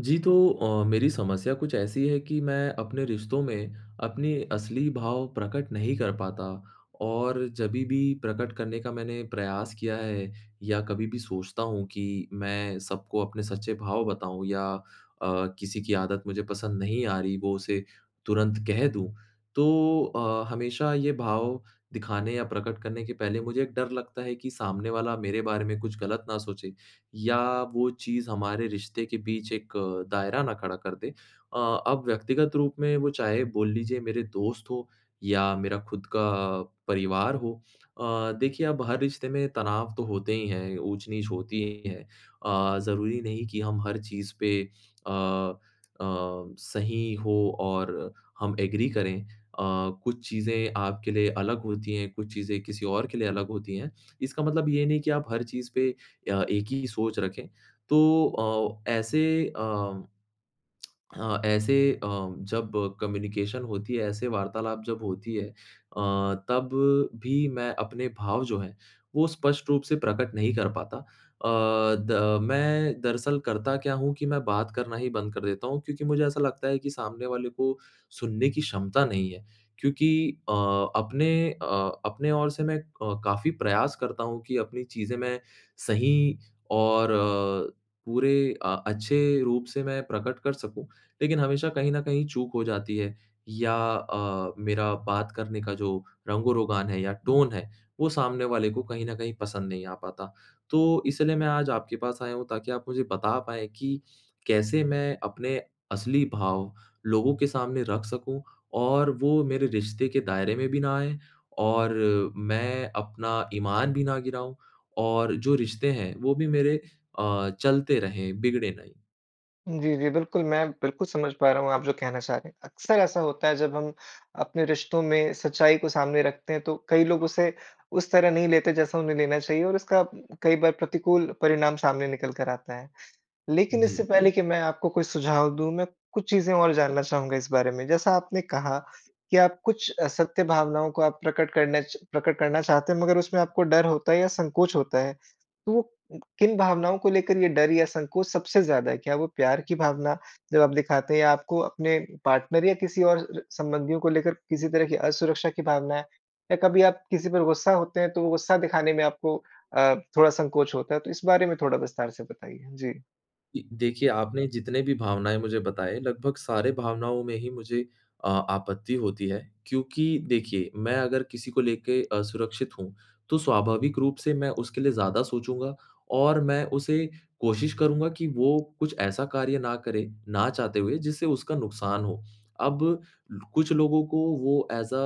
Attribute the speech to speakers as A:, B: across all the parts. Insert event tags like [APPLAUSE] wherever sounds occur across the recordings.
A: जी, तो अ, मेरी समस्या कुछ ऐसी है कि मैं अपने रिश्तों में अपनी असली भाव प्रकट नहीं कर पाता और जभी भी प्रकट करने का मैंने प्रयास किया है या कभी भी सोचता हूँ कि मैं सबको अपने सच्चे भाव बताऊँ या अ, किसी की आदत मुझे पसंद नहीं आ रही वो उसे तुरंत कह दूँ तो अ, हमेशा ये भाव दिखाने या प्रकट करने के पहले मुझे एक डर लगता है कि सामने वाला मेरे बारे में कुछ गलत ना सोचे, या वो चीज़ हमारे रिश्ते के बीच एक दायरा ना खड़ा कर दे। अ अब व्यक्तिगत रूप में वो चाहे बोल लीजिए मेरे दोस्त हो या मेरा खुद का परिवार हो अ, देखिए अब हर रिश्ते में तनाव तो होते ही हैं, ऊँच-नीच होती ही है। अ, ज़रूरी नहीं कि हम हर चीज़ पे अ अ, सही हो और हम एग्री करें। अ, कुछ चीज़ें आपके लिए अलग होती हैं, कुछ चीज़ें किसी और के लिए अलग होती हैं। इसका मतलब ये नहीं कि आप हर चीज़ पे अ, एक ही सोच रखें। तो अ, ऐसे अ, [CLICKS TONGUE] हाँ, ऐसे अ, जब कम्युनिकेशन होती है ऐसे वार्तालाप जब होती है अ, तब भी मैं अपने भाव जो है वो स्पष्ट रूप से प्रकट नहीं कर पाता अ, द अ, मैं दरअसल करता क्या हूँ कि मैं बात करना ही बंद कर देता हूँ क्योंकि मुझे ऐसा लगता है कि सामने वाले को सुनने की क्षमता नहीं है क्योंकि अ अपने अ अपने ओर से मैं अ, काफ़ी प्रयास करता हूँ कि अपनी चीज़ें मैं सही और अ, पूरे अ अच्छे रूप से मैं प्रकट कर सकूँ, लेकिन हमेशा कहीं न कहीं चूक हो जाती है या अ, मेरा बात करने का जो रंग-रोगान है या टोन है वो सामने वाले को कहीं न कहीं पसंद नहीं आ पाता तो इसलिए मैं आज आपके पास आया हूँ ताकि आप मुझे बता पाएँ कि कैसे मैं अपने असली भाव लोगों के सामने रख सकूँ और वो मेरे रिश्ते के दायरे में भी ना आएँ और मैं अपना ईमान भी ना गिराऊँ और जो रिश्ते हैं वो भी मेरे अ, चलते रहें बिगड़े नहीं?
B: जी, जी, बिल्कुल। मैं बिल्कुल समझ पा रहा हूँ आप जो कहना चाह रहे हैं। अक्सर ऐसा होता है जब हम अपने रिश्तों में सच्चाई को सामने रखते हैं तो कई लोग उसे उस तरह नहीं लेते जैसा उन्हें लेना चाहिए और उसका कई बार प्रतिकूल परिणाम सामने निकल कर आता है। लेकिन
A: जी।
B: इससे पहले कि मैं आपको कोई सुझाव दूँ मैं कुछ चीज़ें और जानना चाहूँगा इस बारे में, जैसा आपने कहा कि आप कुछ सत्य भावनाओं को आप प्रकट करना च प्रकट करना चाहते हैं मगर उसमें आपको डर होता है या संकोच होता है तो वो किन भावनाओं को लेकर ये डर या संकोच सबसे ज़्यादा है? क्या वो प्यार की भावना जब आप दिखाते हैं या आपको अपने पार्टनर या किसी और संबंधियों को लेकर किसी तरह कि असुरक्षा की भावना है या कभी आप किसी पर ग़ुस्सा होते हैं तो वो ग़ुस्सा दिखाने में आपको अ, थोड़ा संकोच होता है तो इस बारे में थोड़ा विस्तार से बताइए जी।
A: जी, देखिए, आपने जितने भी भावनाएँ मुझे बताएँ, लगभग सारे भावनाओं में ही मुझे अ आपत्ति होती है, क्योंकि देखिए मैं अगर किसी को लेके असुरक्षित हूँ, तो स्वाभाविक रूप से मैं उसके लिए ज़्यादा सोचूँगा और मैं उसे कोशिश करूँगा कि वो कुछ ऐसा कार्य ना करे ना चाहते हुए जिससे उसका नुक़्सान हो। अब लो कुछ लोगों को वो एज़ अ,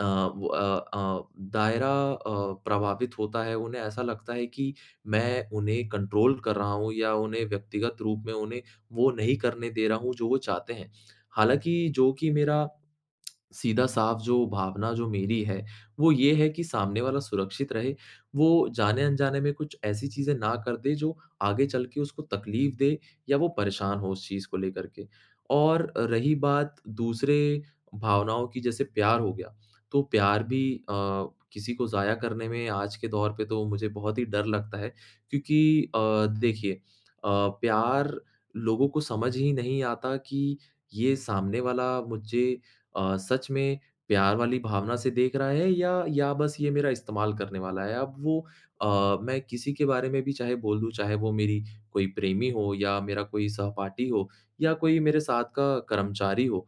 A: अ, वो अ अ, दायरा अ, प्रभावित होता है, उन्हें ऐसा लगता है कि मैं उन्हें कंट्रोल कर रहा हूँ या उन्हें व्यक्तिगत रूप में उन्हें वो नहीं करने दे रहा हूँ जो वो चाहते हैं। हालाँकि जो कि मेरा, [CLICKS TONGUE] सीधा साफ जो भावना जो मेरी है, वो ये है कि सामने वाला सुरक्षित रहे, वो जाने-अनजाने में कुछ ऐसी चीज़ें ना कर दे जो आगे चल के उसको तकलीफ़ दे या वो परेशान हो उस चीज़ को लेकर के, और रही बात दूसरे भावनाओं की जैसे प्यार हो गया, तो प्यार भी अ, किसी को ज़ाया करने में आज के दौर पे तो मुझे बहुत ही डर लगता है क्योंकि अ, देखिए अ, प्यार लोगों को समझ ही नहीं आता कि ये सामने वाला मुझे अ, सच में प्यार वाली भावना से देख रहा है या या बस ये मेरा इस्तेमाल करने वाला है, अब वो अ, मैं किसी के बारे में भी चाहे बोल दूँ, चाहे वो मेरी कोई प्रेमी हो या मेरा कोई सहपाठी हो, या कोई मेरे साथ का कर्मचारी हो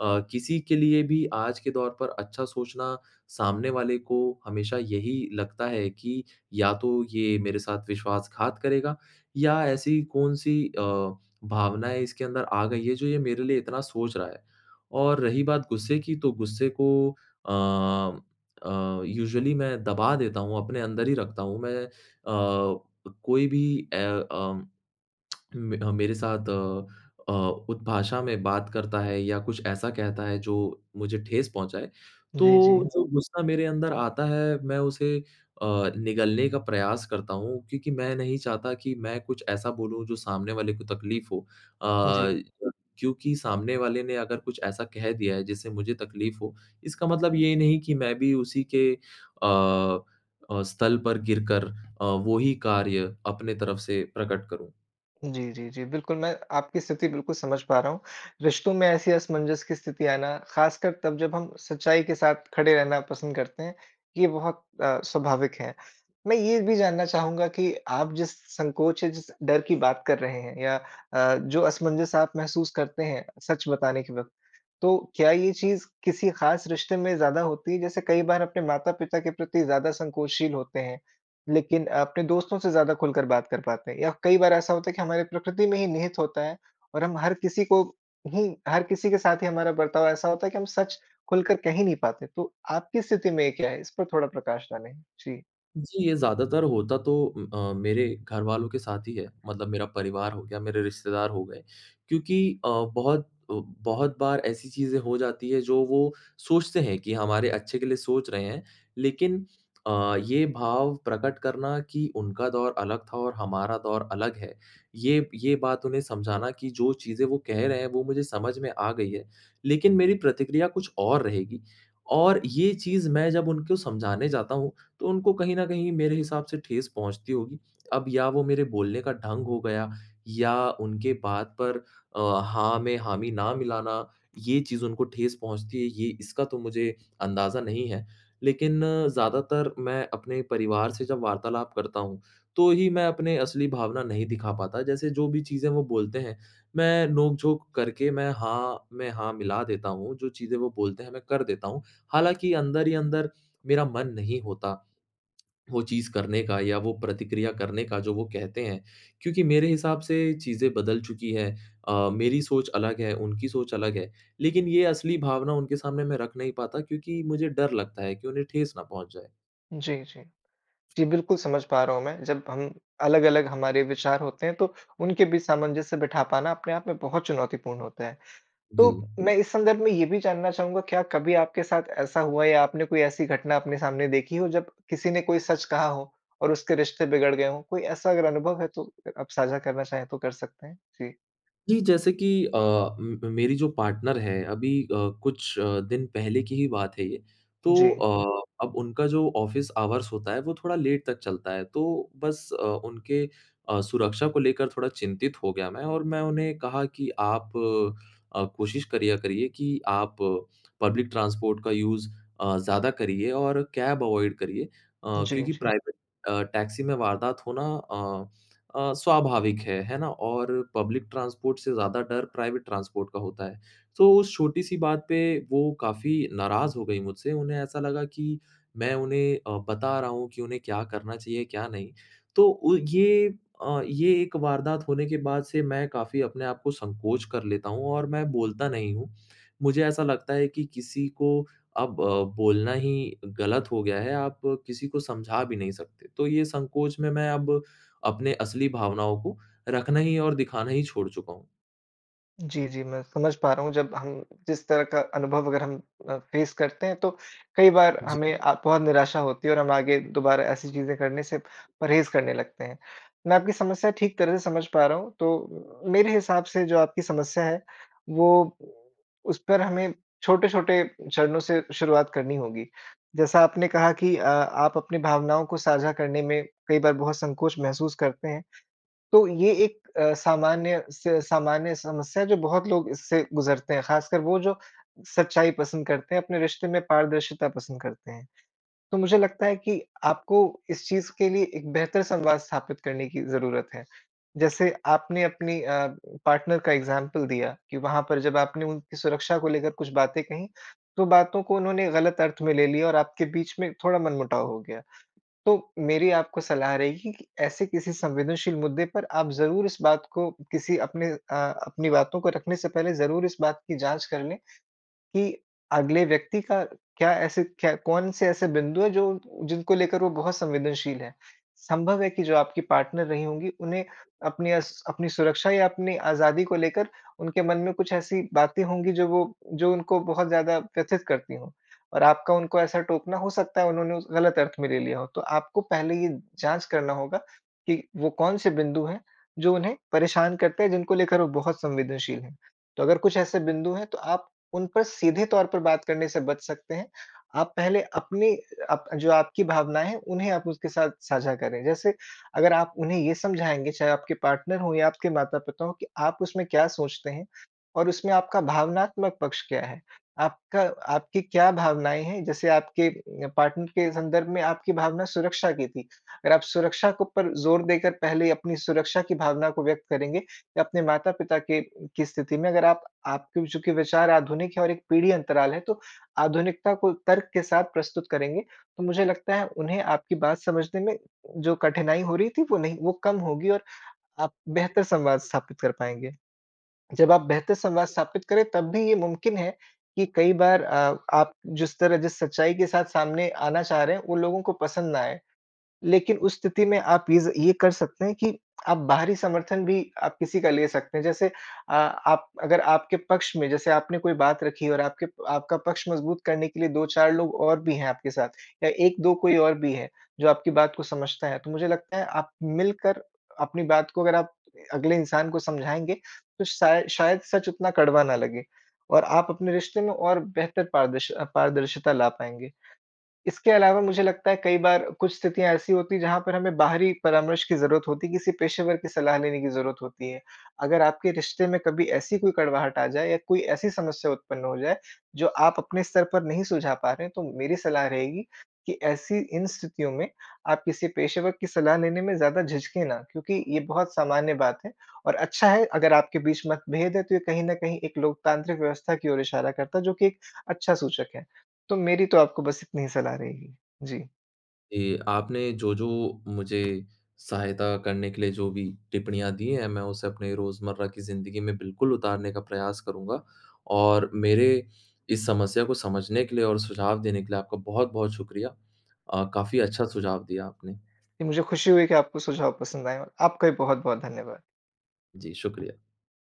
A: अ, किसी के लिए भी आज के दौर पर अच्छा सोचना सामने वाले को हमेशा यही लगता है कि या तो ये मेरे साथ विश्वासघात करेगा या ऐसी कौन-सी अ, भावनाएँ इसके अंदर आ गई है जो ये मेरे लिए इतना सोच रहा है। और रही बात ग़ुस्से की तो ग़ुस्से को अ अ, यूजुअली मैं दबा देता हूँ, अपने अंदर ही रखता हूँ मैं अ, कोई भी ए, अ, [CLICKS TONGUE] म अ, मेरे साथ अ अ, उत भाषा में बात करता है या कुछ ऐसा कहता है जो मुझे ठेस पहुँचाए तो
B: जी, जी।
A: जो ग़ुस्सा मेरे अंदर आता है मैं उसे अ, निगलने का प्रयास करता हूँ क्योंकि मैं नहीं चाहता कि मैं कुछ ऐसा बोलूँ जो सामने वाले को तकलीफ़ हो
B: जी।
A: अ, क्योंकि सामने वाले ने अगर कुछ ऐसा कह दिया है जिससे मुझे तकलीफ़ हो इसका मतलब ये नहीं कि मैं भी उसी के अ अ, स्तल पर गिरकर अ, वो ही कार्य अपने तरफ से प्रकट करूँ।
B: जी, जी, जी। बिल्कुल, मैं आपकी स्थिति बिल्कुल समझ पा रहा हूँ। रिश्तों में ऐसी असमंजस की स्थिति आना, ख़ासकर तब जब हम सच्चाई के साथ खड़े रहना पसंद करते हैं, ये बहुत अ, स्वाभाविक है। मैं ये भी जानना चाहूँगा कि आप जिस संकोच है जिस डर की बात कर रहे हैं या अ, जो असमंजस आप महसूस करते हैं, सच बताने के वक़्त, तो क्या ये चीज़ किसी ख़ास रिश्ते में ज़्यादा होती है जैसे कई बार अपने माता-पिता के प्रति ज़्यादा संकोचशील होते हैं, लेकिन अपने दोस्तों से ज़्यादा खुलकर बात कर पाते हैं या कई बार ऐसा होता है कि हमारे प्रकृति में ही निहित होता है, और हम हर किसी को हुँ। हर किसी के साथ ही हमारा बर्ताव ऐसा होता है कि हम सच खुलकर कह ही नहीं पाते, तो आपकी स्थिति में ये क्या है? इस पर थोड़ा प्रकाश डालें। जी।
A: जी, ये ज़्यादातर होता तो अ, मेरे घरवालों के साथ ही है। मतलब मेरा परिवार हो गया मेरे रिश्तेदार हो गए, क्योंकि अ, बहुत, ब बहुत बार ऐसी चीज़ें हो जाती हैं जो वो सोचते हैं कि हमारे अच्छे के लिए सोच रहे हैं, लेकिन अ, ये भाव प्रकट करना कि उनका दौर अलग था और हमारा दौर अलग है। ये ये बात उन्हें समझाना कि जो चीज़ें वो कह रहे हैं वो मुझे समझ में आ गई है, लेकिन मेरी प्रतिक्रिया कुछ और रहेगी। और ये चीज़ मैं जब उनको समझाने जाता हूँ, तो उनको कहीं न कहीं मेरे हिसाब से ठेस पहुँचती होगी, अब या वो मेरे बोलने का ढंग हो गया या उनके बात पर अ, हाँ मैं हामी ना मिलाना, ये चीज़ उनको ठेस पहुँचती है ये इसका तो मुझे अंदाज़ा नहीं है। लेकिन ज़्यादातर मैं अपने परिवार से जब वार्तालाप करता हूँ, तो ही मैं अपने असली भावना नहीं दिखा पाता जैसे जो भी चीज़ें वो बोलते हैं मैं नोकझोंक करके मैं हाँ में हाँ मिला देता हूँ जो चीज़ें वो बोलते हैं मैं कर देता हूँ। हालाँकि अंदर ही अंदर, मेरा मन नहीं होता वो चीज़ करने का या वो प्रतिक्रिया करने का जो वो कहते हैं, क्योंकि मेरे हिसाब से चीज़ें बदल चुकी है। अ, मेरी सोच अलग है, उनकी सोच अलग है, लेकिन ये असली भावना उनके सामने मैं रख नहीं पाता क्योंकि मुझे डर लगता है की उन्हें ठेस ना पहुँच जाए।
B: जी, जी। जी, बिल्कुल समझ पा रहा हूंँ मैं। जब हम अलग-अलग हमारे विचार होते हैं तो उनके बीच सामंजस्य बिठा पाना अपने आप में बहुत चुनौतीपूर्ण होता है।
A: जी।
B: तो मैं इस संदर्भ में ये भी जानना चाहूँगा क्या कभी आपके साथ ऐसा हुआ या आपने कोई ऐसी घटना अपने सामने देखी हो जब किसी ने कोई सच कहा हो और उसके रिश्ते बिगड़ गए हो? कोई ऐसा अगर अनुभव है तो अ आप साझा करना चाहे तो कर सकते हैं। जी।
A: जी जैसे की अ, म मेरी जो पार्टनर है अभी अ, कुछ अ, दिन पहले की ही बात है ये। तो
B: जी।
A: अ, अब उनका जो ऑफिस आवर्स होता है वो थोड़ा लेट तक चलता है। तो बस अ, उनके अ, सुरक्षा को लेकर थोड़ा चिंतित हो गया मैं। और मैं उन्हें कहा कि "आप अ, कोशिश करिया, करिए कि आप पब्लिक ट्रांसपोर्ट का यूज़ अ, ज़्यादा करिए और कैब अवॉइड करिए।" अ,
B: जी,
A: क्योंकि
B: जी।
A: प्राइवेट अ, टैक्सी में वारदात होना अ, अ, स्वाभाविक है, है ना? और पब्लिक ट्रांसपोर्ट से ज़्यादा डर प्राइवेट ट्रांसपोर्ट का होता है। सो उस छोटी-सी बात पे वो काफ़ी नाराज़ हो गई मुझसे, उन्हें ऐसा लगा कि मैं उन्हें अ, बता रहा हूँ कि उन्हें क्या करना चाहिए क्या नहीं। तो उ ये अ, ये एक वारदात होने के बाद से मैं काफ़ी अपने आपको संकोच कर लेता हूँ और मैं बोलता नहीं हूँ। मुझे ऐसा लगता है कि किसी को अब अ, बोलना ही गलत हो गया है, आप किसी को समझा भी नहीं सकते। तो ये संकोच में मैं अब अपने असली भावनाओं को रखना ही और दिखाना ही छोड़ चूका हूँ।
B: जी, जी मैं समझ पा रहा हूँ। जब हम जिस तरह का अनुभव अगर हम अ, फ़ेस करते हैं तो कई बार
A: जी।
B: हमें अ, बहुत निराशा होती है और हम आगे दोबारा ऐसी चीज़ें करने से परहेज़ करने लगते हैं। मैं आपकी समस्या ठीक तरह से समझ पा रहा हूँ। तो मेरे हिसाब से जो आपकी समस्या है वो उस पर हमें छोटे-छोटे चरणों से शुरुआत करनी होगी। जैसा आपने कहा कि अ, आप अपनी भावनाओं को साझा करने में कई बार बहुत संकोच महसूस करते हैं तो ये एक अ, सामान्य से सामान्य समस्या है जो बहुत लोग इससे गुज़रते हैं ख़ासकर वो जो सच्चाई पसंद करते हैं, अपने रिश्ते में पारदर्शिता पसंद करते हैं। तो मुझे लगता है कि आपको इस चीज़ के लिए एक बेहतर संवाद स्थापित करने की ज़रूरत है। जैसे आपने अपनी अ, पार्टनर का एग्ज़ाम्पल दिया कि वहाँ पर जब आपने उनकी सुरक्षा को लेकर कुछ बातें कहीं तो बातों को उन्होंने ग़लत अर्थ में ले लिया और आपके बीच में थोड़ा मन मुटाव हो गया। तो मेरी आपको सलाह रहेगी कि ऐसे किसी संवेदनशील मुद्दे पर आप ज़रूर इस बात को किसी अपने अ, अपनी बातों को रखने से पहले ज़रूर इस बात की जाँच कर लें कि अगले व्यक्ति का क्या ऐसे क्या कौन से ऐसे बिंदु है जो जिनको लेकर वो बहुत संवेदनशील है। संभव है कि जो आपकी पार्टनर रही होंगी उन्हें अपनी अस अपनी सुरक्षा या अपनी आज़ादी को लेकर उनके मन में कुछ ऐसी बातें होंगी जो वो जो उनको बहुत ज़्यादा व्यथित करती हो। और आपका उनको ऐसा टोकना हो सकता है उन्होंने उसे ग़लत अर्थ में ले लिया हो। तो आपको पहले ये जाँच करना होगा कि वो कौन से बिंदु हैं जो उन्हें परेशान करते हैं जिनको लेकर वो बहुत संवेदनशील हैं। तो अगर कुछ ऐसे बिंदु हैं तो आप उन पर सीधे तौर पर बात करने से बच सकते हैं। आप पहले अपनी अप जो आपकी भावनाएँ हैं उन्हें आप उसके साथ साझा करें। जैसे अगर आप उन्हें ये समझाएँगे चाहे आपके पार्टनर हो या आपके माता-पिता हो कि आप उसमें क्या सोचते हैं और उसमें आपका भावनात्मक पक्ष क्या है। आपका आपकी क्या भावनाएँ हैं। जैसे आपके पार्टनर के संदर्भ में आपकी भावना सुरक्षा की थी। अगर आप सुरक्षा के ऊपर जोर देकर पहले अपनी सुरक्षा की भावना को व्यक्त करेंगे या अपने माता-पिता के की स्थिति में अगर आप आपके चूँकि विचार आधुनिक है और एक पीढ़ी अंतराल है तो आधुनिकता को तर्क के साथ प्रस्तुत करेंगे तो मुझे लगता है उन्हें आपकी बात समझने में जो कठिनाई हो रही थी वो नहीं वो कम होगी और आप बेहतर संवाद स्थापित कर पाएँगे। जब आप बेहतर संवाद स्थापित करे तब भी ये मुमकिन है कि कई बार अ, आप जिस तरह जिस सच्चाई के साथ सामने आना चाह रहे हैं उन लोगों को पसंद ना आए। लेकिन उस स्थिति में आप ये ये कर सकते हैं कि आप बाहरी समर्थन भी आप किसी का ले सकते हैं। जैसे अ, आप अगर आपके पक्ष में जैसे आपने कोई बात रखी और आपके आपका पक्ष मजबूत करने के लिए 2-4 लोग और भी हैं आपके साथ या 1-2 कोई और भी है जो आपकी बात को समझता है तो मुझे लगता है आप मिलकर अपनी बात को अगर आप अगले इंसान को समझाएँगे तो शायद शायद सच उतना कड़वा ना लगे। और आप अपने रिश्ते में और बेहतर पारदर्श अ, पारदर्शिता ला पाएँगे। इसके अलावा मुझे लगता है कई बार कुछ स्थितियाँ ऐसी होती है जहाँ पर हमें बाहरी परामर्श की ज़रूरत होती है, किसी पेशेवर की सलाह लेने की ज़रूरत होती है। अगर आपके रिश्ते में कभी ऐसी कोई कड़वाहट आ जाए या कोई ऐसी समस्या उत्पन्न हो जाए जो आप अपने स्तर पर नहीं सुलझा पा रहे हैं तो मेरी सलाह रहेगी कि ऐसी इन स्थितियों में आप किसी पेशेवर की सलाह लेने में ज़्यादा झिझकें ना, क्योंकि ये बहुत सामान्य बात है। और अच्छा है अगर आपके बीच मतभेद है तो ये कहीं न कहीं एक लोकतांत्रिक व्यवस्था की ओर इशारा करता है जो कि एक अच्छा सूचक है। तो मेरी तो आपको बस इतनी ही सलाह रहेगी। जी।
A: ये आपने जो-जो मुझे सहायता करने के लिए जो भी टिप्पणियाँ दी हैं, मैं उसे अपने रोज़मर्रा की ज़िंदगी में बिल्कुल उतारने का प्रयास करूँगा। और मेरे इस समस्या को समझने के लिए और सुझाव देने के लिए आपका बहुत-बहुत शुक़्रिया। अ, काफ़ी अच्छा सुझाव दिया आपने।
B: मुझे खुशी हुई कि आपको सुझाव पसंद आए। और आपका भी बहुत-बहुत धन्यवाद।
A: जी, शुक़्रिया।